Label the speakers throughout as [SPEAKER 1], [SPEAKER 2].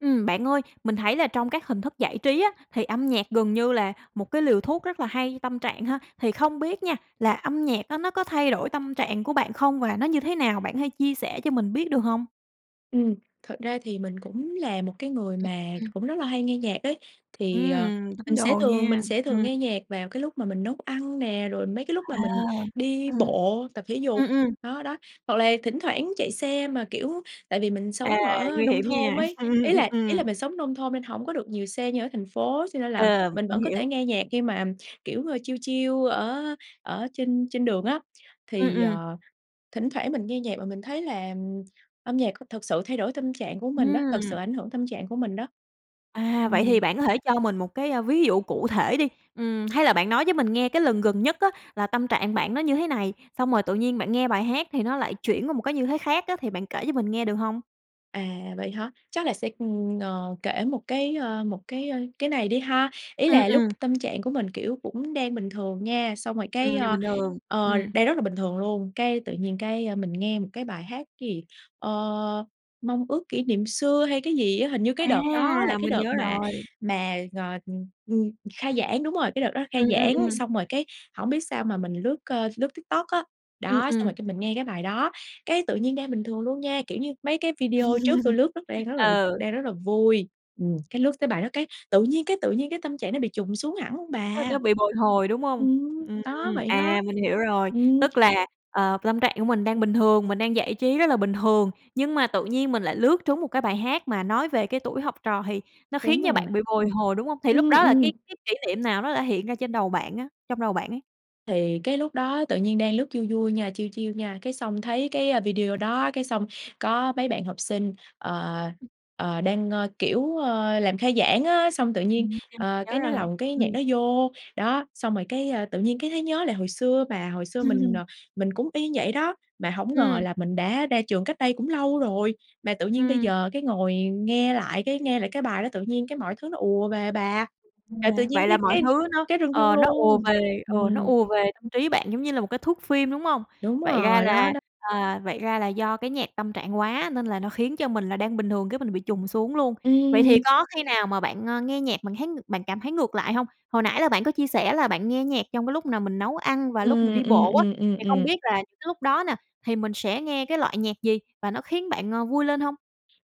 [SPEAKER 1] Ừm, bạn ơi mình thấy là trong các hình thức giải trí á, thì âm nhạc gần như là một cái liều thuốc rất là hay tâm trạng ha. Thì không biết nha, là âm nhạc đó nó có thay đổi tâm trạng của bạn không và nó như thế nào? Bạn có thể chia sẻ cho mình biết được hông?
[SPEAKER 2] Ừm, thật ra thì mình cũng là một cái người
[SPEAKER 1] Ừm,
[SPEAKER 2] mà
[SPEAKER 1] ừm.
[SPEAKER 2] cũng rất là hay nghe nhạc đấy. Thì, ờ,
[SPEAKER 1] Ừm, tín
[SPEAKER 2] mình sẽ
[SPEAKER 1] đồ
[SPEAKER 2] thường
[SPEAKER 1] nhe,
[SPEAKER 2] mình sẽ thường
[SPEAKER 1] ừm.
[SPEAKER 2] nghe nhạc vào cái lúc mà mình nấu ăn nè, rồi mấy cái lúc mà
[SPEAKER 1] À,
[SPEAKER 2] mình đi
[SPEAKER 1] ừm.
[SPEAKER 2] bộ tập thể dục,
[SPEAKER 1] Ừm, ừm.
[SPEAKER 2] đó, đó. Hoặc là thỉnh thoảng chạy xe mà, kiểu, tại vì mình
[SPEAKER 1] À,
[SPEAKER 2] sống ở
[SPEAKER 1] nguy
[SPEAKER 2] nông
[SPEAKER 1] hiểm
[SPEAKER 2] thôn
[SPEAKER 1] nha.
[SPEAKER 2] ấy,
[SPEAKER 1] Ừm, ừm,
[SPEAKER 2] ý
[SPEAKER 1] ừm,
[SPEAKER 2] là ý là
[SPEAKER 1] ừm.
[SPEAKER 2] mình sống nông thôn nên hổng có được nhiều xe như ở thành phố, cho nên là
[SPEAKER 1] Ờm,
[SPEAKER 2] mình
[SPEAKER 1] mình
[SPEAKER 2] vẫn có thể
[SPEAKER 1] hiểu.
[SPEAKER 2] nghe nhạc khi mà, ừm, kiểu, ờ, chill, chill ở ở trên trên đường á.
[SPEAKER 1] Ừm,
[SPEAKER 2] Thì,
[SPEAKER 1] ừm.
[SPEAKER 2] ờ, thỉnh thoảng mình nghe nhạc và mình thấy là, ừm, âm nhạc c thực sự thay đổi tâm trạng của mình đó, thực sự
[SPEAKER 1] Ừm.
[SPEAKER 2] ảnh hưởng tâm trạng của mình đó.
[SPEAKER 1] À, vậy
[SPEAKER 2] Ừm.
[SPEAKER 1] thì bạn có thể cho mình một cái, a, ví dụ cụ thể đi. Ừm, hay là bạn nói với mình nghe cái lần gần nhất á, là tâm trạng bạn nó như thế này, xong rồi tự nhiên bạn nghe bài hát thì nó lại chuyển qua một cái như thế khác á, thì bạn kể cho mình nghe được hông?
[SPEAKER 2] À, vậy hả? Chắc là sẽ, ừm, ờ, kể một cái, ơ, một cái, ơ, cái này đi ha. Ý
[SPEAKER 1] Ừm,
[SPEAKER 2] là lúc
[SPEAKER 1] ừm.
[SPEAKER 2] tâm trạng của mình, kiểu, cũng đang bình thường nha, xong rồi cái,
[SPEAKER 1] Ừm, nhờ
[SPEAKER 2] ơ,
[SPEAKER 1] bình thường.
[SPEAKER 2] ờ,
[SPEAKER 1] Ừm.
[SPEAKER 2] đang rất là bình thường luôn, cái tự nhiên cái, ơ, mình nghe một cái bài hát cái gì, ơ, "Mong Ước Kỷ Niệm Xưa" hay cái gì á, hình như cái đợt đó là
[SPEAKER 1] A,
[SPEAKER 2] cái
[SPEAKER 1] mình
[SPEAKER 2] đợt
[SPEAKER 1] nhớ
[SPEAKER 2] mà
[SPEAKER 1] rồi.
[SPEAKER 2] mà g ừm, ừm, khai giảng, đúng rồi, cái đợt đó khai
[SPEAKER 1] Ừm, ừm,
[SPEAKER 2] giảng.
[SPEAKER 1] ừm.
[SPEAKER 2] Xong rồi cái hổng biết sao mà mình lướt, ơ, lướt TikTok á,
[SPEAKER 1] Ừm,
[SPEAKER 2] đó, xong rồi
[SPEAKER 1] ừm.
[SPEAKER 2] cái mình nghe cái bài đó, cái tự nhiên đang bình thường luôn nha, kiểu như, mấy cái video trước tui lướt rất đang rất là
[SPEAKER 1] Ừ.
[SPEAKER 2] đang rất là vui, ừm, cái lướt tới bài đó cái tự nhiên cái tự nhiên cái tâm trạng nó bị chùng xuống hẳn luôn
[SPEAKER 1] Nó nó
[SPEAKER 2] bà.
[SPEAKER 1] bị bồi hồi, đúng hông?
[SPEAKER 2] Ừm,
[SPEAKER 1] Ừm,
[SPEAKER 2] đó vậy đó.
[SPEAKER 1] à, mình hiểu rồi,
[SPEAKER 2] Ừm.
[SPEAKER 1] tức là, ờ, tâm trạng của mình đang bình thường, mình đang giải trí rất là bình thường, nhưng mà tự nhiên mình lại lướt trúng một cái bài hát mà nói về cái tuổi học trò thì nó khiến
[SPEAKER 2] Đúng
[SPEAKER 1] cho
[SPEAKER 2] rồi.
[SPEAKER 1] bạn bị bồi hồi, đúng hông? Thì lúc
[SPEAKER 2] Ưm,
[SPEAKER 1] đó là
[SPEAKER 2] ừm.
[SPEAKER 1] cái cái kỷ niệm nào nó đã hiện ra trên đầu bạn á trong đầu bạn ấy?
[SPEAKER 2] Thì cái lúc đó tự nhiên đang lướt vui, vui nha, chill, chill nha. Cái xong thấy cái, a, video đó, cái xong có mấy bạn học sinh, ờ,
[SPEAKER 1] Ừm.
[SPEAKER 2] ờ, đang, ơ, kiểu, ơ, làm khai giảng á, xong tự nhiên,
[SPEAKER 1] Ừm, à,
[SPEAKER 2] ờ,
[SPEAKER 1] nhớ
[SPEAKER 2] cái nó
[SPEAKER 1] rồi,
[SPEAKER 2] lồng một cái nhạc
[SPEAKER 1] ừm.
[SPEAKER 2] đó vô, đó, xong rồi cái, ơ, tự nhiên cái thấy nhớ lại hồi xưa bà. Hồi xưa mình,
[SPEAKER 1] Ừm.
[SPEAKER 2] ờ, mình cũng y vậy đó, mà hổng ngờ
[SPEAKER 1] Ừm.
[SPEAKER 2] là mình đã ra trường cách đây cũng lâu rồi, mà tự nhiên bây
[SPEAKER 1] Ừm.
[SPEAKER 2] giờ cái ngồi nghe lại cái nghe lại cái bài đó tự nhiên cái mọi thứ nó ùa về bà, là tự
[SPEAKER 1] Yeah.
[SPEAKER 2] nhiên
[SPEAKER 1] Vậy là
[SPEAKER 2] cái
[SPEAKER 1] mọi
[SPEAKER 2] cái
[SPEAKER 1] thứ nó
[SPEAKER 2] cái rưng rưng
[SPEAKER 1] ờ, nó ùa
[SPEAKER 2] luôn.
[SPEAKER 1] về, ừ, nó
[SPEAKER 2] Ừm.
[SPEAKER 1] ùa về tâm trí bạn, giống như là, một cái thước phim, đúng hông?
[SPEAKER 2] Đúng
[SPEAKER 1] Vậy ra
[SPEAKER 2] rồi, đó,
[SPEAKER 1] là
[SPEAKER 2] đó.
[SPEAKER 1] à, vậy ra là do cái nhạc tâm trạng quá, nên là nó khiến cho mình là đang bình thường cái mình bị chùng xuống luôn. Vậy thì
[SPEAKER 2] Ừm.
[SPEAKER 1] có khi nào mà, ơ, bạn nghe nhạc mà bạn thấy ng bạn cảm thấy ngược lại hông? Hồi nãy là bạn có chia sẻ là bạn nghe nhạc trong cái lúc là mình nấu ăn và lúc mình
[SPEAKER 2] Ừm,
[SPEAKER 1] đi
[SPEAKER 2] ừm,
[SPEAKER 1] bộ á,
[SPEAKER 2] ừm, ừm,
[SPEAKER 1] thì không
[SPEAKER 2] ừm.
[SPEAKER 1] biết là cái lúc đó nè thì mình sẽ nghe cái loại nhạc gì? Và nó khiến bạn, ờ, vui lên hông?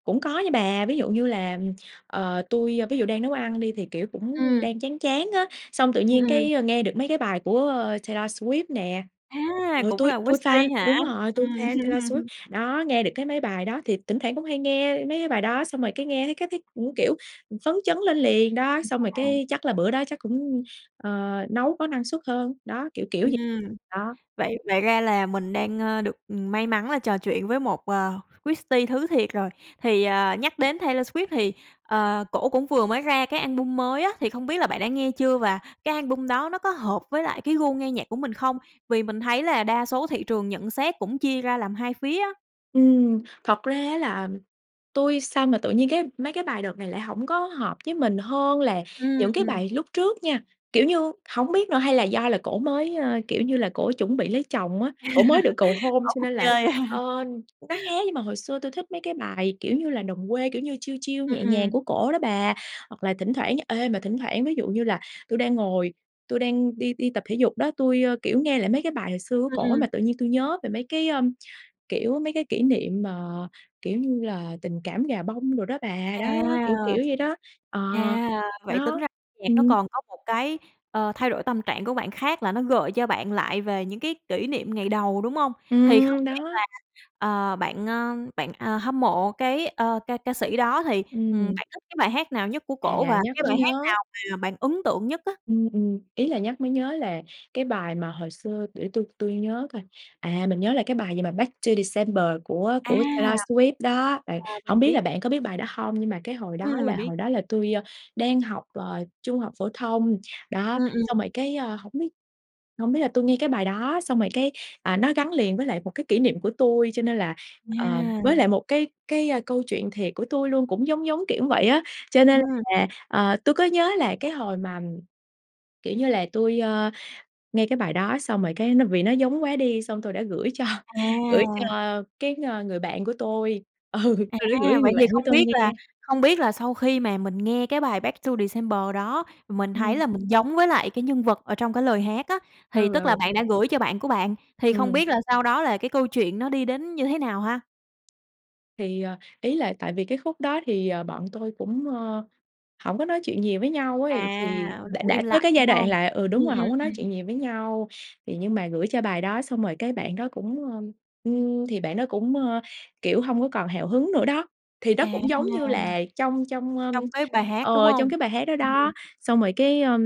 [SPEAKER 2] Cũng có nha bà. Ví dụ như là, ừm, ờ, tui, ơ, ví dụ đang nấu ăn đi thì, kiểu, cũng
[SPEAKER 1] Ừm.
[SPEAKER 2] đang chán chán á, xong tự
[SPEAKER 1] Ừm,
[SPEAKER 2] nhiên
[SPEAKER 1] ừm.
[SPEAKER 2] cái, ơ, nghe được mấy cái bài của Taylor Swift nè,
[SPEAKER 1] A,
[SPEAKER 2] ừ,
[SPEAKER 1] cũng
[SPEAKER 2] tui
[SPEAKER 1] là
[SPEAKER 2] tui fan
[SPEAKER 1] Swifties hả?
[SPEAKER 2] đúng rồi, tui
[SPEAKER 1] Ừm.
[SPEAKER 2] fan Taylor Swift. Đó, nghe được cái mấy bài đó, thì tỉnh thoảng cũng hay nghe mấy bài đó xong rồi cái nghe thấy cái thấy cũng, kiểu, ừm, phấn chấn lên liền đó.
[SPEAKER 1] Ừm,
[SPEAKER 2] Xong rồi
[SPEAKER 1] ờ, à.
[SPEAKER 2] cái chắc là bữa đó chắc cũng, ờ, nấu có năng suất hơn, đó, kiểu, kiểu vậy.
[SPEAKER 1] Ừm.
[SPEAKER 2] Đó.
[SPEAKER 1] Vậy vậy ra là mình đang, ơ, được, ừm, may mắn là trò chuyện với một, ờ, Swifties thứ thiệt rồi. Thì, ờ, nhắc đến Taylor Swift thì, ờ, cổ cũng vừa mới ra cái album mới á, thì không biết là bạn đã nghe chưa? Và cái album đó nó có hợp với lại cái gu nghe nhạc của mình không? Vì mình thấy là đa số thị trường nhận xét cũng chia ra làm 2 phía á.
[SPEAKER 2] Ừm, thật ra á, là tui sao mà tự nhiên cái mấy cái bài đợt này lại hổng có hợp với mình hơn là
[SPEAKER 1] Ừm,
[SPEAKER 2] những cái
[SPEAKER 1] ừm.
[SPEAKER 2] bài lúc trước nha. Kiểu như, hổng biết nữa hay là do là cổ mới, ơ, kiểu như là, cổ chuẩn bị lấy chồng á, cổ mới được cầu hôn
[SPEAKER 1] Bỏ
[SPEAKER 2] cho
[SPEAKER 1] cuộc
[SPEAKER 2] nên là,
[SPEAKER 1] chơi?
[SPEAKER 2] ơ, nó khác, nhưng mà hồi xưa tui thích mấy cái bài, kiểu như là, đồng quê, kiểu như, chill, chill
[SPEAKER 1] Ừm,
[SPEAKER 2] nhẹ nhàng
[SPEAKER 1] ừm.
[SPEAKER 2] của cổ đó bà. Hoặc là thỉnh thoảng ê, mà thỉnh thoảng ví dụ như là tui đang ngồi, tui đang đi đi tập thể dục đó, tui, ơ, kiểu, nghe lại mấy cái bài hồi xưa của
[SPEAKER 1] Ừm,
[SPEAKER 2] cổ
[SPEAKER 1] ừm.
[SPEAKER 2] mà tự nhiên tui nhớ về mấy cái, ơm, kiểu, mấy cái kỷ niệm mà, kiểu như là, tình cảm gà bông đồ đó bà.
[SPEAKER 1] À.
[SPEAKER 2] Đó, đó, đó, kiểu, kiểu vậy đó. Ờ,
[SPEAKER 1] À, vậy tính
[SPEAKER 2] đó,
[SPEAKER 1] ra âm nhạc nó
[SPEAKER 2] ừm
[SPEAKER 1] còn có một cái, ờ, thay đổi tâm trạng của bạn khác là nó gợi cho bạn lại về những cái kỷ niệm ngày đầu, đúng hông? Thì không
[SPEAKER 2] Ừm,
[SPEAKER 1] biết là,
[SPEAKER 2] đó.
[SPEAKER 1] ờ, bạn, ơ, bạn, ờ, hâm mộ cái, ơ, ca ca sĩ đó thì, ừm,
[SPEAKER 2] Ừm.
[SPEAKER 1] bạn thích cái bài hát nào nhất của cổ?
[SPEAKER 2] À,
[SPEAKER 1] Và cái
[SPEAKER 2] nhắc mới
[SPEAKER 1] bài hát
[SPEAKER 2] nhớ.
[SPEAKER 1] nào mà bạn ấn tượng nhất á?
[SPEAKER 2] Ừm, ừm, ý là nhắc mới nhớ là cái bài mà hồi xưa để tui tui nhớ coi, à, mình nhớ là cái bài gì mà "Back To December" của
[SPEAKER 1] À.
[SPEAKER 2] của Taylor Swift đó. Bạn
[SPEAKER 1] À, mình
[SPEAKER 2] hổng biết là
[SPEAKER 1] biết.
[SPEAKER 2] bạn có biết bài đó hông? Nhưng mà cái hồi đó
[SPEAKER 1] Ừm,
[SPEAKER 2] là
[SPEAKER 1] mình biết.
[SPEAKER 2] hồi đó là tui, ơ, đang học, ờ, trung học phổ thông, đó,
[SPEAKER 1] Ừm, ừm.
[SPEAKER 2] xong rồi cái, ơ, hổng biết hổng biết là tui nghe cái bài đó, xong rồi cái, à, nó gắn liền với lại một cái kỷ niệm của tui cho nên là, ờ,
[SPEAKER 1] Yeah.
[SPEAKER 2] với lại một cái cái, ơ, câu chuyện thiệt của tui luôn cũng giống, giống kiểu vậy á. Cho nên
[SPEAKER 1] Ừm.
[SPEAKER 2] là, ờ, tui có nhớ là cái hồi mà, kiểu như là, tui, ơ, nghe cái bài đó xong rồi cái nó vì nó giống quá đi xong tôi đã gửi cho gửi cho
[SPEAKER 1] À.
[SPEAKER 2] cái, ơ, người bạn của tôi, ừ, tui đã gửi cho
[SPEAKER 1] À,
[SPEAKER 2] cái
[SPEAKER 1] vậy
[SPEAKER 2] người
[SPEAKER 1] thì
[SPEAKER 2] bạn của
[SPEAKER 1] không
[SPEAKER 2] tôi
[SPEAKER 1] biết là
[SPEAKER 2] nghe.
[SPEAKER 1] không biết là sau khi mà mình nghe cái bài "Back To December" đó, mình thấy
[SPEAKER 2] Ừm.
[SPEAKER 1] là mình giống với lại cái nhân vật ở trong cái lời hát á,
[SPEAKER 2] Ừ,
[SPEAKER 1] thì tức là
[SPEAKER 2] ừ.
[SPEAKER 1] bạn đã gửi cho bạn của bạn, thì không
[SPEAKER 2] Ừm.
[SPEAKER 1] biết là sau đó là cái câu chuyện nó đi đến như thế nào ha?
[SPEAKER 2] Thì, ờ, ý là tại vì cái khúc đó thì, ờ, bọn tôi cũng, ơ, hổng có nói chuyện nhiều với nhau ấy, thì
[SPEAKER 1] À,
[SPEAKER 2] đã
[SPEAKER 1] cũng
[SPEAKER 2] đã
[SPEAKER 1] im
[SPEAKER 2] tới
[SPEAKER 1] lặng,
[SPEAKER 2] cái giai
[SPEAKER 1] đúng
[SPEAKER 2] đoạn
[SPEAKER 1] hông?
[SPEAKER 2] là ừ, đúng
[SPEAKER 1] Ừm,
[SPEAKER 2] rồi,
[SPEAKER 1] ừm
[SPEAKER 2] hổng có nói
[SPEAKER 1] ừm.
[SPEAKER 2] chuyện nhiều với nhau. Thì nhưng mà gửi cho bài đó xong rồi cái bạn đó cũng, ơm, ưm, thì bạn đó cũng, ơ, kiểu, hông có còn hào hứng nữa đó, thì nó
[SPEAKER 1] À.
[SPEAKER 2] cũng, giống như là, trong trong, ơm,
[SPEAKER 1] Trong cái bài hát, đúng
[SPEAKER 2] ờ,
[SPEAKER 1] hông?
[SPEAKER 2] trong cái bài hát đó
[SPEAKER 1] Ừm.
[SPEAKER 2] đó. Xong rồi, cái, ơ,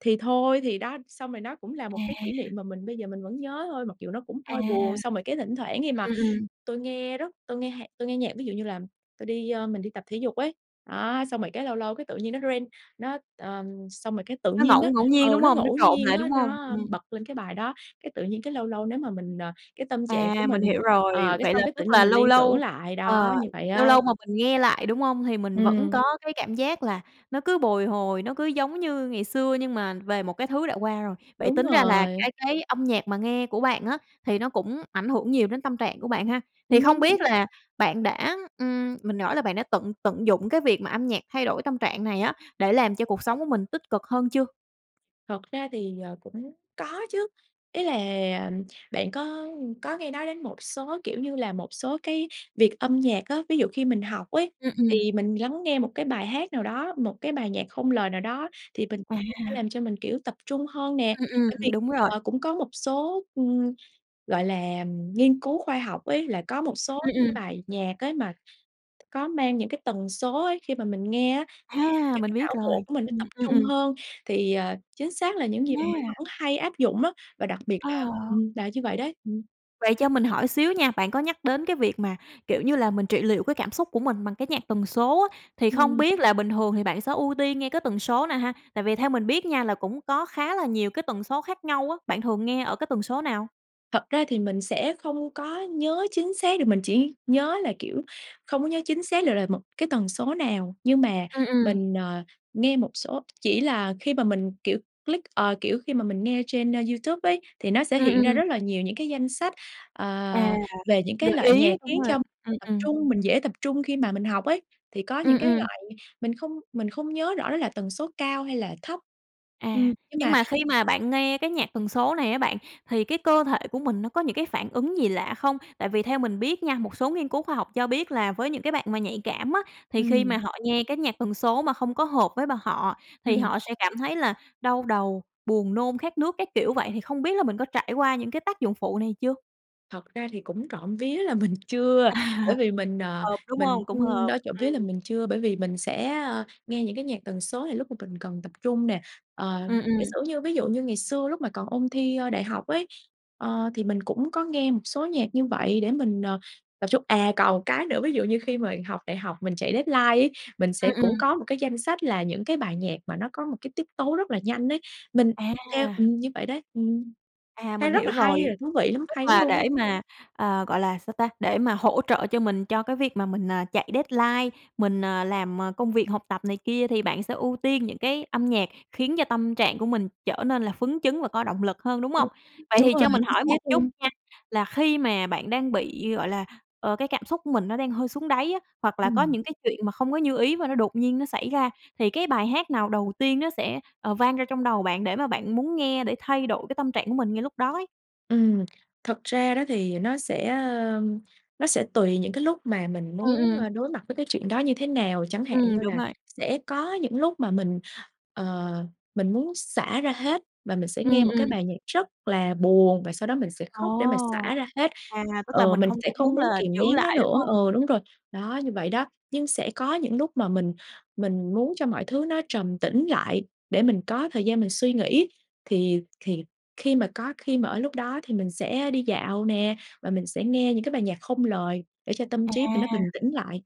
[SPEAKER 2] thì thôi thì đó, xong rồi nó cũng là một cái kỷ
[SPEAKER 1] À.
[SPEAKER 2] niệm mà mình bây giờ mình vẫn nhớ thôi, mặc dù nó cũng
[SPEAKER 1] À.
[SPEAKER 2] hơi buồn. Xong rồi cái thỉnh thoảng khi mà
[SPEAKER 1] Ừm, ừm.
[SPEAKER 2] tui nghe rất tui nghe hạc tui nghe nhạc, ví dụ như là tui đi, ơ mình đi tập thể dục ấy, đó, xong rồi cái lâu lâu cái tự nhiên nó rên, nó ờm, xong rồi cái tự
[SPEAKER 1] Nó
[SPEAKER 2] nhiên
[SPEAKER 1] ngẫu
[SPEAKER 2] á,
[SPEAKER 1] ngẫu nhiên,
[SPEAKER 2] ờ,
[SPEAKER 1] đúng
[SPEAKER 2] nó
[SPEAKER 1] hông? Nó
[SPEAKER 2] ngẫu
[SPEAKER 1] trộn
[SPEAKER 2] nhiên
[SPEAKER 1] lại,
[SPEAKER 2] á,
[SPEAKER 1] đúng hông?
[SPEAKER 2] nó, ơ,
[SPEAKER 1] Ừm.
[SPEAKER 2] bật lên cái bài đó. Cái tự nhiên cái lâu lâu nếu mà mình, ờ, cái tâm trạng của
[SPEAKER 1] À, mình
[SPEAKER 2] mình
[SPEAKER 1] hiểu
[SPEAKER 2] ờ,
[SPEAKER 1] rồi,
[SPEAKER 2] cái
[SPEAKER 1] vậy là
[SPEAKER 2] xong cái
[SPEAKER 1] tức
[SPEAKER 2] tự nhiên
[SPEAKER 1] là
[SPEAKER 2] mình
[SPEAKER 1] lâu
[SPEAKER 2] liên tưởng
[SPEAKER 1] lâu
[SPEAKER 2] lại đó,
[SPEAKER 1] ờ,
[SPEAKER 2] như vậy
[SPEAKER 1] lâu
[SPEAKER 2] á.
[SPEAKER 1] lâu mà mình nghe lại, đúng hông? Thì mình vẫn
[SPEAKER 2] Ừm.
[SPEAKER 1] có cái cảm giác là nó cứ bồi hồi, nó cứ giống như ngày xưa nhưng mà về một cái thứ đã qua rồi. Vậy
[SPEAKER 2] Đúng
[SPEAKER 1] tính ra là
[SPEAKER 2] rồi.
[SPEAKER 1] cái cái âm nhạc mà nghe của bạn á, thì nó cũng ảnh hưởng nhiều đến tâm trạng của bạn ha? Thì không biết
[SPEAKER 2] Ừm.
[SPEAKER 1] là bạn đã, ừm, mình hỏi là bạn đã tận tận dụng cái việc mà âm nhạc thay đổi tâm trạng này á, để làm cho cuộc sống của mình tích cực hơn chưa?
[SPEAKER 2] Thật ra thì, ờ, cũng có chứ. Ý là bạn có, ưm, có nghe nói đến một số, kiểu như là, một số cái việc âm nhạc á, ví dụ khi mình học ấy,
[SPEAKER 1] Ừm, ừm.
[SPEAKER 2] thì mình lắng nghe một cái bài hát nào đó, một cái bài nhạc không lời nào đó, thì mình sẽ
[SPEAKER 1] À.
[SPEAKER 2] làm cho mình, kiểu, tập trung hơn nè.
[SPEAKER 1] Ừm,
[SPEAKER 2] Bởi
[SPEAKER 1] ừm,
[SPEAKER 2] vì,
[SPEAKER 1] đúng rồi.
[SPEAKER 2] ờ, cũng có một số, ừm, gọi là, ừm, nghiên cứu khoa học ấy, là có một số
[SPEAKER 1] Ừm,
[SPEAKER 2] cái
[SPEAKER 1] ừm.
[SPEAKER 2] bài nhạc ấy, mà có mang những cái tần số ấy, khi mà mình nghe á, [unintelligible]
[SPEAKER 1] A,
[SPEAKER 2] cho
[SPEAKER 1] mình
[SPEAKER 2] cái
[SPEAKER 1] biết
[SPEAKER 2] não
[SPEAKER 1] rồi.
[SPEAKER 2] bộ của mình nó
[SPEAKER 1] Ừm,
[SPEAKER 2] tập
[SPEAKER 1] um,
[SPEAKER 2] trung
[SPEAKER 1] ừm.
[SPEAKER 2] hơn. Thì, ờ, chính xác là những gì mà mình
[SPEAKER 1] A.
[SPEAKER 2] vẫn hay áp dụng á, và đặc biệt là
[SPEAKER 1] Ồ.
[SPEAKER 2] ừm, là như vậy đấy, ừm.
[SPEAKER 1] Vậy cho mình hỏi xíu nha, bạn có nhắc đến cái việc mà, kiểu như là, mình trị liệu cái cảm xúc của mình bằng cái nhạc tần số á, thì không
[SPEAKER 2] Ừm.
[SPEAKER 1] biết là bình thường thì bạn sẽ ưu tiên nghe cái tần số nào ha? Tại vì theo mình biết nha là cũng có khá là nhiều cái tần số khác nhau á, bạn thường nghe ở cái tần số nào?
[SPEAKER 2] Thật ra thì mình sẽ không có nhớ chính xác được, mình chỉ nhớ là, kiểu không có nhớ chính xác được là một cái tần số nào. Nhưng mà
[SPEAKER 1] Ừm, ừm.
[SPEAKER 2] mình, ờ, nghe một số chỉ là khi mà mình, kiểu, click, ờ, kiểu, khi mà mình nghe trên, a, YouTube ấy, thì nó sẽ
[SPEAKER 1] Ừm,
[SPEAKER 2] hiện ra
[SPEAKER 1] ừm.
[SPEAKER 2] rất là nhiều những cái danh sách, ờ,
[SPEAKER 1] À,
[SPEAKER 2] về những cái
[SPEAKER 1] gợi
[SPEAKER 2] loại nhạc
[SPEAKER 1] ý, đúng
[SPEAKER 2] khiến
[SPEAKER 1] rồi,
[SPEAKER 2] cho mình
[SPEAKER 1] ừm,
[SPEAKER 2] tập
[SPEAKER 1] ừm.
[SPEAKER 2] trung, mình dễ tập trung khi mà mình học ấy. Thì có những
[SPEAKER 1] Ừm,
[SPEAKER 2] cái
[SPEAKER 1] ừm.
[SPEAKER 2] loại mình không mình không nhớ rõ đó là tần số cao hay là thấp.
[SPEAKER 1] À,
[SPEAKER 2] Ừm, nhưng
[SPEAKER 1] nhưng
[SPEAKER 2] mà
[SPEAKER 1] mà khi mà bạn nghe cái nhạc tần số này á, bạn thì cái cơ thể của mình nó có những cái phản ứng gì lạ không? Tại vì theo mình biết nha, một số nghiên cứu khoa học cho biết là với những cái bạn mà nhạy cảm á, thì khi mà
[SPEAKER 2] Ừm.
[SPEAKER 1] họ nghe cái nhạc tần số mà không có hợp với b họ thì
[SPEAKER 2] Ừm.
[SPEAKER 1] họ sẽ cảm thấy là đau đầu, buồn nôn, khát nước, các kiểu. Vậy thì không biết là mình có trải qua những cái tác dụng phụ này chưa?
[SPEAKER 2] Thật ra thì cũng trộm vía là mình chưa,
[SPEAKER 1] À.
[SPEAKER 2] bởi vì mình, ờ,
[SPEAKER 1] Hợp, đúng
[SPEAKER 2] mình
[SPEAKER 1] hông? Cũng
[SPEAKER 2] ưm,
[SPEAKER 1] hợp.
[SPEAKER 2] đó, trộm vía là
[SPEAKER 1] Ừm.
[SPEAKER 2] mình chưa, bởi vì mình sẽ, ơ, nghe những cái nhạc tần số, thì lúc mà mình cần tập trung nè. Ờ,
[SPEAKER 1] Ừm,
[SPEAKER 2] giả
[SPEAKER 1] ừm.
[SPEAKER 2] sử như ví dụ như ngày xưa lúc mà còn ôn thi, ơ, đại học ấy, ờ, thì mình cũng có nghe một số nhạc như vậy để mình, ờ, tập trung à, còn một cái nữa, ví dụ như khi mà học đại học, mình chạy deadline ấy, mình
[SPEAKER 1] Ừm,
[SPEAKER 2] sẽ cũng
[SPEAKER 1] ừm.
[SPEAKER 2] có một cái danh sách là những cái bài nhạc mà nó có một cái tiết tấu rất là nhanh ấy, mình theo
[SPEAKER 1] À.
[SPEAKER 2] ừm, như vậy đấy. Ừm,
[SPEAKER 1] À,
[SPEAKER 2] thấy
[SPEAKER 1] mình
[SPEAKER 2] rất
[SPEAKER 1] hiểu
[SPEAKER 2] là
[SPEAKER 1] rồi.
[SPEAKER 2] hay, rồi thú vị lắm,
[SPEAKER 1] Tức
[SPEAKER 2] hay lắm
[SPEAKER 1] là
[SPEAKER 2] luôn
[SPEAKER 1] để
[SPEAKER 2] á.
[SPEAKER 1] mà, ờ, gọi là, sao ta, để mà hỗ trợ cho mình, cho cái việc mà mình, ờ, chạy deadline mình, ờ, làm công việc học tập này kia, thì bạn sẽ ưu tiên những cái âm nhạc khiến cho tâm trạng của mình trở nên là phấn chấn và có động lực hơn, đúng
[SPEAKER 2] Ừm,
[SPEAKER 1] hông? Vậy
[SPEAKER 2] đúng
[SPEAKER 1] thì
[SPEAKER 2] rồi,
[SPEAKER 1] cho mình
[SPEAKER 2] chính
[SPEAKER 1] hỏi
[SPEAKER 2] xác
[SPEAKER 1] một chút
[SPEAKER 2] luôn.
[SPEAKER 1] nha, là khi mà bạn đang bị, gọi là, ờ, cái cảm xúc của mình nó đang hơi xuống đáy á, hoặc là có
[SPEAKER 2] Ừm.
[SPEAKER 1] những cái chuyện mà không có như ý và nó đột nhiên nó xảy ra, thì cái bài hát nào đầu tiên nó sẽ, ờ, vang ra trong đầu bạn để mà bạn muốn nghe để thay đổi cái tâm trạng của mình ngay lúc đó ấy?
[SPEAKER 2] Ừm. Thật ra đó thì nó sẽ, ơ, nó sẽ tùy những cái lúc mà mình
[SPEAKER 1] Ừm,
[SPEAKER 2] muốn,
[SPEAKER 1] ừm.
[SPEAKER 2] ơ, đối mặt với cái chuyện đó như thế nào. Chẳng hạn
[SPEAKER 1] Ừm,
[SPEAKER 2] như
[SPEAKER 1] đúng
[SPEAKER 2] là
[SPEAKER 1] rồi.
[SPEAKER 2] sẽ có những lúc mà mình, ờ, mình muốn xả ra hết và mình sẽ
[SPEAKER 1] Ừm,
[SPEAKER 2] nghe một
[SPEAKER 1] ừm.
[SPEAKER 2] cái bài nhạc rất là buồn và sau đó mình sẽ
[SPEAKER 1] Ồ!
[SPEAKER 2] khóc để mà xả ra hết,
[SPEAKER 1] À, tức là
[SPEAKER 2] ừ,
[SPEAKER 1] mình
[SPEAKER 2] mình
[SPEAKER 1] không
[SPEAKER 2] sẽ
[SPEAKER 1] có
[SPEAKER 2] không
[SPEAKER 1] muốn
[SPEAKER 2] muốn
[SPEAKER 1] là
[SPEAKER 2] kìm
[SPEAKER 1] giữ
[SPEAKER 2] nén nó
[SPEAKER 1] lại, đúng
[SPEAKER 2] nữa
[SPEAKER 1] hông?
[SPEAKER 2] ừ, đúng
[SPEAKER 1] Ừm.
[SPEAKER 2] rồi, đó, như vậy đó. Nhưng sẽ có những lúc mà mình mình muốn cho mọi thứ nó trầm tĩnh lại, để mình có thời gian mình suy nghĩ, thì thì khi mà có khi mà ở lúc đó thì mình sẽ đi dạo nè và mình sẽ nghe những cái bài nhạc không lời để cho tâm
[SPEAKER 1] À.
[SPEAKER 2] trí mình nó bình tĩnh lại,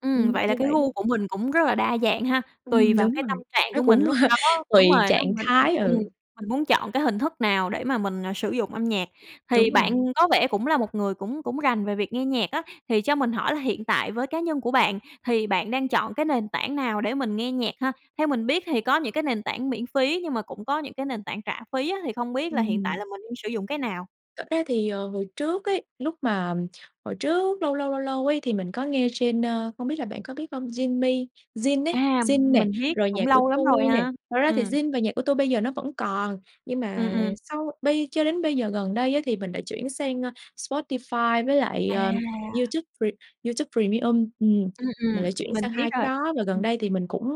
[SPEAKER 1] Ừm,
[SPEAKER 2] ừm,
[SPEAKER 1] vậy là
[SPEAKER 2] như
[SPEAKER 1] cái
[SPEAKER 2] vậy đấy.
[SPEAKER 1] gu của mình cũng rất là đa dạng ha, tùy
[SPEAKER 2] Ừm,
[SPEAKER 1] vào
[SPEAKER 2] đúng
[SPEAKER 1] cái
[SPEAKER 2] rồi.
[SPEAKER 1] tâm trạng
[SPEAKER 2] Nó
[SPEAKER 1] của mình
[SPEAKER 2] cũng
[SPEAKER 1] lúc đó
[SPEAKER 2] tùy
[SPEAKER 1] đúng rồi đó,
[SPEAKER 2] trạng
[SPEAKER 1] mình mình
[SPEAKER 2] thái,
[SPEAKER 1] ừm,
[SPEAKER 2] ừ.
[SPEAKER 1] mình muốn chọn cái hình thức nào để mà mình, ờ, sử dụng âm nhạc. Thì
[SPEAKER 2] Đúng
[SPEAKER 1] bạn
[SPEAKER 2] rồi.
[SPEAKER 1] có vẻ cũng là một người cũng cũng rành về việc nghe nhạc á, thì cho mình hỏi là hiện tại với cá nhân của bạn thì bạn đang chọn cái nền tảng nào để mình nghe nhạc ha? Theo mình biết thì có những cái nền tảng miễn phí, nhưng mà cũng có những cái nền tảng trả phí á, thì không biết là hiện tại
[SPEAKER 2] Ừm.
[SPEAKER 1] là mình đang sử dụng cái nào?
[SPEAKER 2] Thật ra thì, ờ, hồi trước ấy, lúc mà, ừm, hồi trước lâu, lâu, lâu, lâu ấy, thì mình có nghe trên, ơ, không biết là bạn có biết hông? Zing Me, Zing ấy,
[SPEAKER 1] À,
[SPEAKER 2] Zing nè,
[SPEAKER 1] mình biết,
[SPEAKER 2] rồi
[SPEAKER 1] cũng lâu lắm rồi
[SPEAKER 2] Nhaccuatui nè.
[SPEAKER 1] ha.
[SPEAKER 2] Thật ra thì
[SPEAKER 1] Ừm.
[SPEAKER 2] Zing và Nhaccuatui bây giờ nó vẫn còn, nhưng
[SPEAKER 1] Ừm,
[SPEAKER 2] mà
[SPEAKER 1] ừm.
[SPEAKER 2] sau bây cho đến bây giờ gần đây á, thì mình đã chuyển sang, ơ, Spotify với lại,
[SPEAKER 1] À.
[SPEAKER 2] ờ, YouTube Pre YouTube Premium, ừm,
[SPEAKER 1] Ừm,
[SPEAKER 2] mình
[SPEAKER 1] ừm,
[SPEAKER 2] lại chuyển
[SPEAKER 1] mình
[SPEAKER 2] sang
[SPEAKER 1] biết
[SPEAKER 2] 2 cái
[SPEAKER 1] rồi.
[SPEAKER 2] đó. Và
[SPEAKER 1] Ừm.
[SPEAKER 2] gần đây thì mình cũng,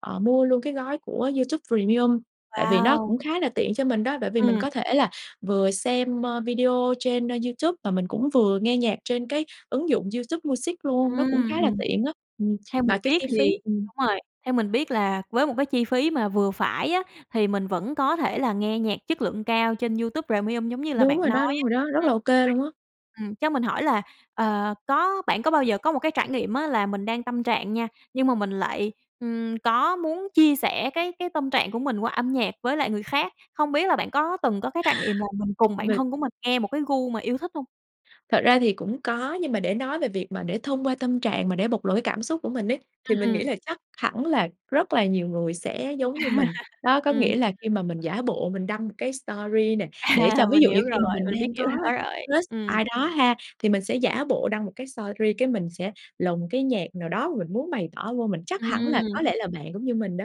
[SPEAKER 2] ờ, mua luôn cái gói của YouTube Premium, tại vì nó
[SPEAKER 1] Wow!
[SPEAKER 2] cũng khá là tiện cho mình đó, bởi vì mình
[SPEAKER 1] Ừm.
[SPEAKER 2] có thể là vừa xem, ơ, video trên, ơ, YouTube, và mình cũng vừa nghe nhạc trên cái ứng dụng YouTube Music luôn, nó cũng khá
[SPEAKER 1] Ừm,
[SPEAKER 2] là
[SPEAKER 1] ừm.
[SPEAKER 2] tiện á, ừm.
[SPEAKER 1] Theo mình
[SPEAKER 2] Mà cái
[SPEAKER 1] biết
[SPEAKER 2] chi phí
[SPEAKER 1] thì
[SPEAKER 2] ừm.
[SPEAKER 1] đúng rồi, theo mình biết là với một cái chi phí mà vừa phải á, thì mình vẫn có thể là nghe nhạc chất lượng cao trên YouTube Premium giống như là
[SPEAKER 2] Đúng
[SPEAKER 1] bạn
[SPEAKER 2] rồi
[SPEAKER 1] nói
[SPEAKER 2] đó, đúng
[SPEAKER 1] á.
[SPEAKER 2] rồi đó. Rất
[SPEAKER 1] Ừm,
[SPEAKER 2] là OK
[SPEAKER 1] vậy
[SPEAKER 2] luôn á.
[SPEAKER 1] ừm, cho mình hỏi là, ờ, có bạn có bao giờ có một cái trải nghiệm á, là mình đang tâm trạng nha nhưng mà mình lại, ừm, có muốn chia sẻ cái cái tâm trạng của mình qua âm nhạc với lại người khác? Hông biết là bạn có từng có cái trải nghiệm là mình cùng bạn
[SPEAKER 2] Mình
[SPEAKER 1] thân của mình nghe một cái gu mà yêu thích hông?
[SPEAKER 2] Thật ra thì cũng có, nhưng mà để nói về việc mà để thông qua tâm trạng mà để bộc lộ cái cảm xúc của mình ấy, thì
[SPEAKER 1] Ừm,
[SPEAKER 2] mình
[SPEAKER 1] ừm.
[SPEAKER 2] nghĩ là chắc hẳn là rất là nhiều người sẽ giống như mình. Đó, có
[SPEAKER 1] Ừm.
[SPEAKER 2] nghĩa là khi mà mình giả bộ mình đăng một cái story nè, để
[SPEAKER 1] À,
[SPEAKER 2] cho ví
[SPEAKER 1] mình
[SPEAKER 2] dụ
[SPEAKER 1] hiểu
[SPEAKER 2] như khi
[SPEAKER 1] rồi,
[SPEAKER 2] mà mình
[SPEAKER 1] mình biết
[SPEAKER 2] đang
[SPEAKER 1] kiểu
[SPEAKER 2] có
[SPEAKER 1] đó rồi,
[SPEAKER 2] crush
[SPEAKER 1] ừm.
[SPEAKER 2] ai đó ha, thì mình sẽ giả bộ đăng một cái story, cái mình sẽ lồng cái nhạc nào đó mà mình muốn bày tỏ vô. Mình chắc hẳn là
[SPEAKER 1] Ừm.
[SPEAKER 2] có lẽ là bạn cũng như mình đó.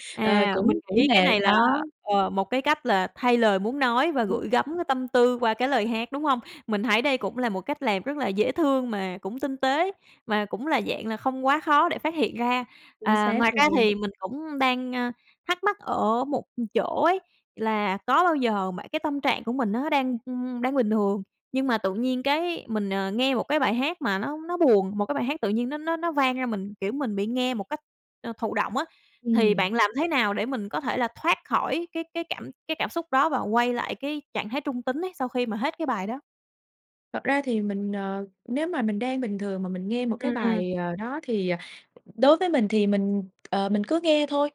[SPEAKER 2] Ờ,
[SPEAKER 1] À, mình
[SPEAKER 2] cũng cũng
[SPEAKER 1] nghĩ cái
[SPEAKER 2] là
[SPEAKER 1] này là,
[SPEAKER 2] đó.
[SPEAKER 1] ờ, một cái cách là thay lời muốn nói và
[SPEAKER 2] Ừm.
[SPEAKER 1] gửi gắm cái tâm tư qua cái lời hát, đúng hông? Mình thấy đây cũng là một cách làm rất là dễ thương mà cũng tinh tế, mà cũng là dạng là không quá khó để phát hiện ra.
[SPEAKER 2] Chính
[SPEAKER 1] À,
[SPEAKER 2] xác
[SPEAKER 1] ngoài ra
[SPEAKER 2] luôn.
[SPEAKER 1] thì mình cũng đang, ơ, thắc mắc ở một, ừm, chỗ ấy, là có bao giờ bạn cái tâm trạng của mình nó đang, ưm, đang bình thường, nhưng mà tự nhiên cái mình, ờ, nghe một cái bài hát mà nó nó buồn, một cái bài hát tự nhiên nó nó nó vang ra mình, kiểu, mình bị nghe một cách, ơ, thụ động á, thì bạn
[SPEAKER 2] Ừm.
[SPEAKER 1] làm thế nào để mình có thể là thoát khỏi cái cái cảm cái cảm xúc đó và quay lại cái trạng thái trung tính ấy sau khi mà hết cái bài đó?
[SPEAKER 2] Thật ra thì mình, ờ, nếu mà mình đang bình thường mà mình nghe một cái
[SPEAKER 1] Ừm, ừm.
[SPEAKER 2] bài, ờ, đó thì, ờ, đối với mình thì mình, ờ, mình cứ nghe thôi.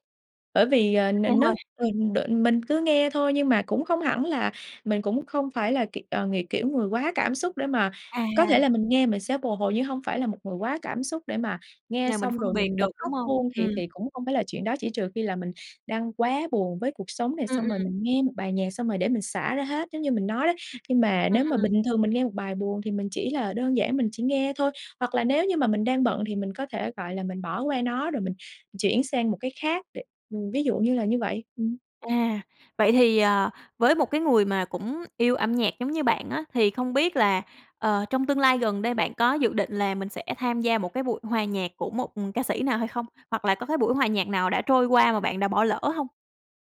[SPEAKER 2] Bởi vì, ờ,
[SPEAKER 1] Thích nghe
[SPEAKER 2] n
[SPEAKER 1] thôi?
[SPEAKER 2] nói ờ, đ mình cứ nghe thôi nhưng mà cũng không hẳn là mình cũng không phải là kiểu, ờ, ng kiểu, người quá cảm xúc để mà có thể
[SPEAKER 1] À.
[SPEAKER 2] là mình nghe mình sẽ bồi hồi. Nhưng hông phải là một người quá cảm xúc để mà nghe
[SPEAKER 1] Là mình
[SPEAKER 2] xong
[SPEAKER 1] phân
[SPEAKER 2] rồi
[SPEAKER 1] biệt
[SPEAKER 2] mình
[SPEAKER 1] được,
[SPEAKER 2] bật
[SPEAKER 1] đúng
[SPEAKER 2] khóc
[SPEAKER 1] hông?
[SPEAKER 2] luôn, thì
[SPEAKER 1] Ừm.
[SPEAKER 2] thì cũng không phải là chuyện đó. Chỉ trừ khi là mình đang quá buồn với cuộc sống nè,
[SPEAKER 1] Ừm,
[SPEAKER 2] xong rồi
[SPEAKER 1] ừm.
[SPEAKER 2] mình nghe một bài nhạc xong rồi để mình xả ra hết, giống như mình nói đó. Nhưng mà
[SPEAKER 1] Ừm,
[SPEAKER 2] nếu mà
[SPEAKER 1] ừm.
[SPEAKER 2] bình thường mình nghe một bài buồn thì mình chỉ là đơn giản mình chỉ nghe thôi, hoặc là nếu như mà mình đang bận thì mình có thể, gọi là, mình bỏ qua nó, rồi mình chuyển sang một cái khác để ừm, ví dụ như là như vậy. Ừm.
[SPEAKER 1] À, vậy thì, ờ, với một cái người mà cũng yêu âm nhạc giống như bạn á, thì không biết là, ờ, trong tương lai gần đây bạn có dự định là mình sẽ tham gia một cái buổi hòa nhạc của một, ừm, ca sĩ nào hay không? Hoặc là có buổi hòa nhạc nào đã trôi qua mà bạn đã bỏ lỡ hông?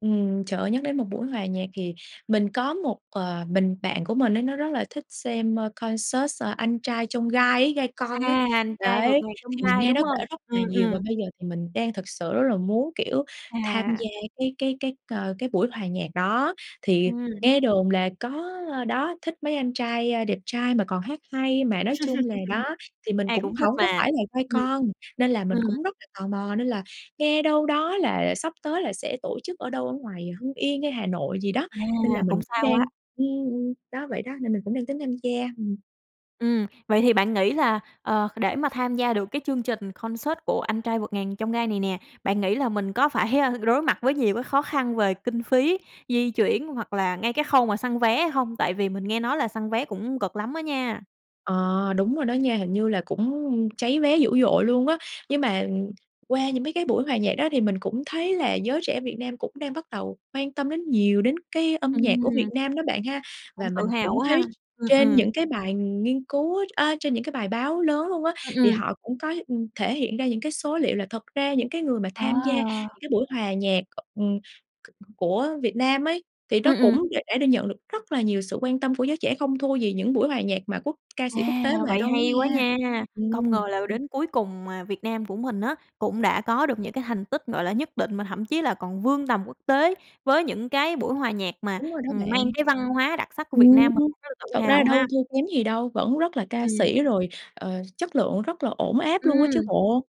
[SPEAKER 2] Ừm, trời ơi, nhắc đến một buổi hòa nhạc thì mình có một, ờ, mình bạn của mình ấy nó rất là thích xem, ơ, concert Anh Trai Chông Gai ấy, Gai Con ấy.
[SPEAKER 1] À, Anh Trai Vượt
[SPEAKER 2] Đấy,
[SPEAKER 1] Ngàn Chông
[SPEAKER 2] thì mình
[SPEAKER 1] Gai,
[SPEAKER 2] nghe
[SPEAKER 1] đúng
[SPEAKER 2] nó kể
[SPEAKER 1] hông?
[SPEAKER 2] rất là
[SPEAKER 1] Ừm,
[SPEAKER 2] nhiều, và
[SPEAKER 1] ừm.
[SPEAKER 2] bây giờ thì mình đang thực sự rất là muốn, kiểu, tham
[SPEAKER 1] À.
[SPEAKER 2] gia cái cái cái, ờ, cái buổi hòa nhạc đó. Thì
[SPEAKER 1] Ừm.
[SPEAKER 2] nghe đồn là có đó thích mấy anh trai, ơ, đẹp trai mà còn hát hay. Mà nói chung là đó, thì mình
[SPEAKER 1] Ai
[SPEAKER 2] cũng
[SPEAKER 1] cũng thích
[SPEAKER 2] hổng có
[SPEAKER 1] mà.
[SPEAKER 2] phải là Gai
[SPEAKER 1] Ừm.
[SPEAKER 2] Con, nên là mình
[SPEAKER 1] Ừm.
[SPEAKER 2] cũng rất là tò mò, nên là nghe đâu đó là sắp tới là sẽ tổ chức ở đâu ở ngoài Hưng Yên hay Hà Nội gì đó,
[SPEAKER 1] À,
[SPEAKER 2] nên là mình
[SPEAKER 1] cũng xa
[SPEAKER 2] cũng đang
[SPEAKER 1] quá.
[SPEAKER 2] ưm, ưm, đó, vậy đó, nên mình cũng đang tính tham gia. Ừm.
[SPEAKER 1] Ừm, vậy thì bạn nghĩ là, ờ, để mà tham gia được cái chương trình concert của Anh Trai Vượt Ngàn Chông Gai này nè, bạn nghĩ là mình có phải, a, đối mặt với nhiều với khó khăn về kinh phí, di chuyển hoặc là ngay cái khâu mà săn vé hay không? Tại vì mình nghe nói là săn vé cũng cực lắm á nha!
[SPEAKER 2] Ờ, đúng rồi đó nha, hình như là cũng cháy vé dữ dội luôn á. Nhưng mà, qua những mấy cái buổi hòa nhạc đó, thì mình cũng thấy là giới trẻ Việt Nam cũng đang bắt đầu quan tâm đến nhiều đến cái âm nhạc của Việt
[SPEAKER 1] Ừm.
[SPEAKER 2] Nam đó bạn ha.
[SPEAKER 1] Cũng
[SPEAKER 2] Và
[SPEAKER 1] tự
[SPEAKER 2] mình
[SPEAKER 1] hào
[SPEAKER 2] cũng
[SPEAKER 1] quá
[SPEAKER 2] thấy
[SPEAKER 1] ha. Ừm,
[SPEAKER 2] trên
[SPEAKER 1] ừm.
[SPEAKER 2] những bài nghiên cứu á a, trên những bài báo lớn luôn á,
[SPEAKER 1] Ừm,
[SPEAKER 2] thì
[SPEAKER 1] ừm.
[SPEAKER 2] họ cũng có, ưm, thể hiện ra những cái số liệu là thật ra những cái người mà
[SPEAKER 1] Ờ.
[SPEAKER 2] tham gia những cái buổi hòa nhạc, ừm, c của Việt Nam ấy, thì nó
[SPEAKER 1] Ừm, ừm.
[SPEAKER 2] cũng đ đã được nhận được rất là nhiều sự quan tâm của giới trẻ, không thua gì những buổi hòa nhạc mà quốc ca sĩ quốc
[SPEAKER 1] À,
[SPEAKER 2] tế về
[SPEAKER 1] vậy
[SPEAKER 2] đâu á
[SPEAKER 1] hay quá
[SPEAKER 2] nha,
[SPEAKER 1] nha! Công ngờ
[SPEAKER 2] ừm.
[SPEAKER 1] là đến cuối cùng, ờ, Việt Nam của mình á, cũng đã có được những cái thành tích, gọi là, nhất định mà thậm chí là còn vươn tầm quốc tế với những cái buổi hòa nhạc mà,
[SPEAKER 2] Đúng rồi đó
[SPEAKER 1] ừm, mang
[SPEAKER 2] bạn.
[SPEAKER 1] cái văn hóa đặc sắc của Việt
[SPEAKER 2] Ừm.
[SPEAKER 1] Nam mình, cũng rất là
[SPEAKER 2] Thật
[SPEAKER 1] tự
[SPEAKER 2] ra
[SPEAKER 1] hào ha.
[SPEAKER 2] đâu thua kém gì đâu, vẫn rất là ca
[SPEAKER 1] Ừm.
[SPEAKER 2] sĩ, rồi, ờ, chất lượng rất là ổn áp luôn á
[SPEAKER 1] Ừm.
[SPEAKER 2] chứ bộ.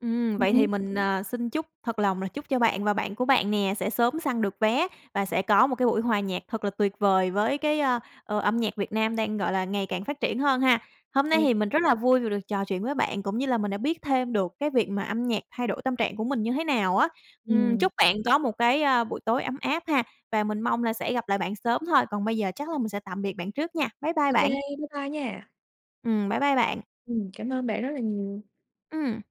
[SPEAKER 1] Ừm, vậy thì
[SPEAKER 2] Ừm.
[SPEAKER 1] mình, ờ, xin chúc thật lòng là chúc cho bạn và bạn của bạn nè sẽ sớm săn được vé và sẽ có một cái buổi hòa nhạc thật là tuyệt vời với cái, ơ, ờ, âm nhạc Việt Nam đang, gọi là, ngày càng phát triển hơn ha. Hôm nay thì
[SPEAKER 2] Ừ.
[SPEAKER 1] mình rất là vui vì được trò chuyện với bạn cũng như là mình đã biết thêm được cái việc mà âm nhạc thay đổi tâm trạng của mình như thế nào á. Ừm,
[SPEAKER 2] Ừm.
[SPEAKER 1] chúc bạn có một cái, ơ, buổi tối ấm áp ha và mình mong là sẽ gặp lại bạn sớm thôi. Còn bây giờ chắc là mình sẽ tạm biệt bạn trước nha. Bye bye
[SPEAKER 2] OK.
[SPEAKER 1] bạn.
[SPEAKER 2] Bye bye nha.
[SPEAKER 1] Ừm. Bye bye bạn.
[SPEAKER 2] Ừm, cảm ơn bạn rất là nhiều.
[SPEAKER 1] Ừm.